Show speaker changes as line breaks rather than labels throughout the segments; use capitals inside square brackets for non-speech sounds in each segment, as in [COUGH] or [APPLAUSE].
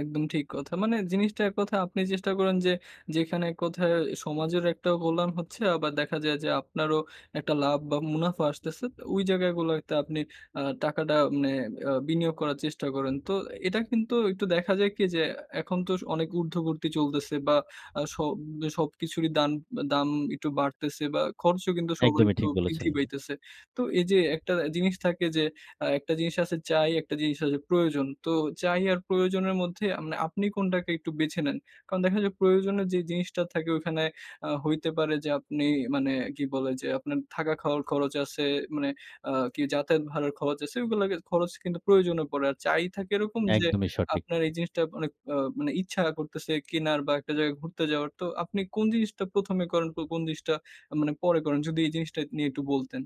একদম ঠিক কথা। মানে জিনিসটা এক কথায় আপনি চেষ্টা করেন যে, যেখানে এক কথায় সমাজের একটা কল্যাণ হচ্ছে, আবার দেখা যায় যে, আপনারও একটা লাভ বা মুনাফা আসতেছে, ওই জায়গাগুলোতে আপনি আ টাকাটা মানে আ বিনিয়োগ করার চেষ্টা করেন। তো এটা কিন্তু একটু দেখা যায় কি? যে, এখন তো স অনেক ঊর্ধ্ববর্তী চলতেছে বা আ সব সবকিছুরই দান দাম একটু বাড়তেছে বা খরচও কিন্তু সবার
একদমই
একটু
ঠিক
বৃদ্ধি
বলেছেন।
পাইতেছে। তো এই যে একটা জিনিস থাকে যে, আ একটা জিনিস আছে চাই, একটা জিনিস হচ্ছে প্রয়োজন। তো চাই আর প্রয়োজনের মধ্যে আমনে আপনি কোনটাকে একটু বেছে নেন। কারণ দেখা যায় প্রয়োজনের যে জিনিসটা থাকে, ওখানে আ হইতে পারে যে, আপনি মানে কি বলে? যে, আপনার থাকা খাওয়ার খরচ আছে, মানে আ কি যাতায়াত ভাড়ার খরচ আছে, এগুলো খরচ কিন্তু প্রয়োজনে পড়ে। আর চাই থাকে এরকম যে,
একদমই সঠিক।
আপনার এই জিনিসটা অনেক আ মানে ইচ্ছা করতেছে কেনার বা একটা জায়গায় ঘুরতে যাওয়ার। তো আপনি কোন জিনিসটা ১ম এ করেন, কো কোন জিনিসটা আ মানে পরে করেন, যদি এই জিনিসটা নিয়ে একটু বলতেন?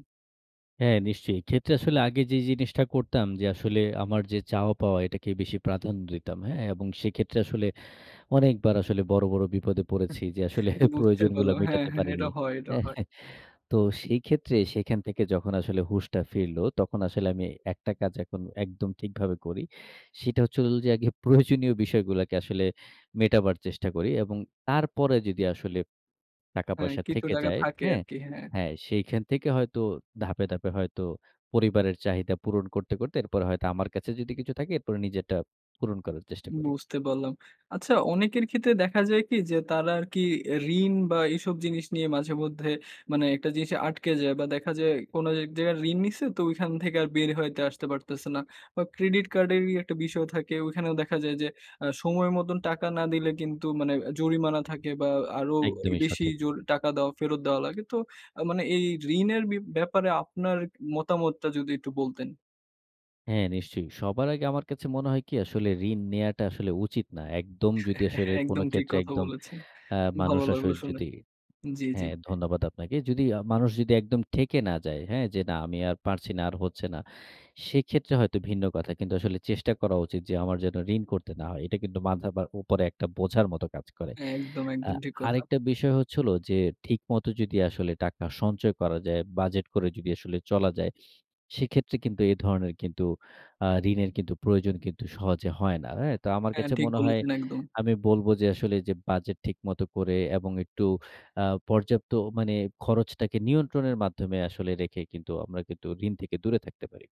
হ্যাঁ, নিশ্চয়ই। এক্ষেত্রে আসলে আগে যে জিনিসটা করতাম যে, আসলে আমার যে চাওয়া-পাওয়া এটাকে বেশি প্রাধান্য দিতাম। হ্যাঁ? এবং সেক্ষেত্রে আসলে অনেকবার আসলে বড়, বড় বিপদে পড়েছি যে, আসলে
বুঝতে
প্রয়োজনগুলো
পারলাম। হ্যাঁ,
মেটাতে
হ্যাঁ
পারিনি।
এটা হয় এটা হয়।
তো সেই ক্ষেত্রে সেখান থেকে যখন আসলে হুঁশটা ফিরলো, তখন আসলে আমি একটা কাজ এখন একদম ঠিকভাবে করি। সেটা হচ্ছে হোল যে, আগে প্রয়োজনীয় বিষয়গুলাকে আসলে মেটাবার চেষ্টা করি এবং তারপরে যদি আসলে টাকা
হ্যাঁ,
পয়সা
কিছু
থেকে
টাকা
যায়।
থাকে আর
হ্যাঁ?
কি। হ্যাঁ।
হ্যাঁ, সেখান থেকে হয়তো ধাপে, ধাপে হয়তো পরিবারের চাহিদা পূরণ করতে, করতে এরপরে হয়তো আমার কাছে যদি কিছু থাকে, এরপরে নিজেরটা পূরণ করার চেষ্টা করি।
বুঝতে পারলাম। আচ্ছা অনেকের ক্ষেত্রে দেখা যায় কি? যে, তারা আরকি এ ঋণ বা এসব জিনিস নিয়ে মাঝে মধ্যে, মানে একটা জিনিস আটকে যায় বা দেখা যায়, কোন এক জায়গায় ঋণ নিছে, তো ঐখান থেকে আর বের হইতে আসতে পারতেছে না বা Credit card এরই একটা বিষয় থাকে, ওখানেও দেখা যায় যে, আ সময় মত টাকা না দিলে কিন্তু, মানে জরিমানা থাকে বা আরো
একদমই
বেশি
সঠিক।
জোর টাকা দেওয়া, ফেরত দেওয়া লাগে। তো আ মানে এই ঋণের বি ব্যাপারে আপনার মতামতটা যদি একটু বলতেন?
হ্যাঁ, নিশ্চয়ই। সবার আগে আমার কাছে মনে হয় কি? আসলে, ঋণ নেয়াটা আসলে উচিত না। একদম যদি
[CHUCKLES]
আসলে কোন
একদম ঠিক
ক্ষেত্রে
কথা
একদম,
বলেছেন।
আ মানুষ
ভালো লাগলো শুনে।
যদি
জ্বী, জ্বী।
হ্যাঁ, ধন্যবাদ আপনাকে। যদি আ মানুষ যদি একদম ঠেকে না যায়, হ্যাঁ? যে না, আমি আর পারছি না, আর হচ্ছে না। সেক্ষেত্রে হয়তো ভিন্ন কথা কিন্তু আসলে চেষ্টা করা উচিত যে, আমার যেন ঋণ করতে না হয়। এটা কিন্তু মাথার উপরে একটা বোঝার মতো কাজ করে।
একদম,
আ
একদম, ঠিক কথা।
আরেকটা বিষয় হচ্ছে হোল যে, ঠিকমত যদি আসলে টাকা সঞ্চয় করা যায়, বাজেট করে যদি আসলে চলা যায়, সেক্ষেত্রে কিন্তু এ ধরনের কিন্তু, আ ঋণের প্রয়োজন কিন্তু সহজে হয় না। হ্যাঁ? তো আমার
হ্যাঁ,
কাছে
ঠিক
মনে হয়
বলেছেন। একদম।
আমি বলব যে, আসলে যে বাজেট ঠিকমত করে এবং একটু আ পর্যাপ্ত মানে খরচটাকে নিয়ন্ত্রণের মাধ্যমে আসলে রেখে কিন্তু, আমরা কিন্তু ঋণ থেকে দূরে থাকতে পারি।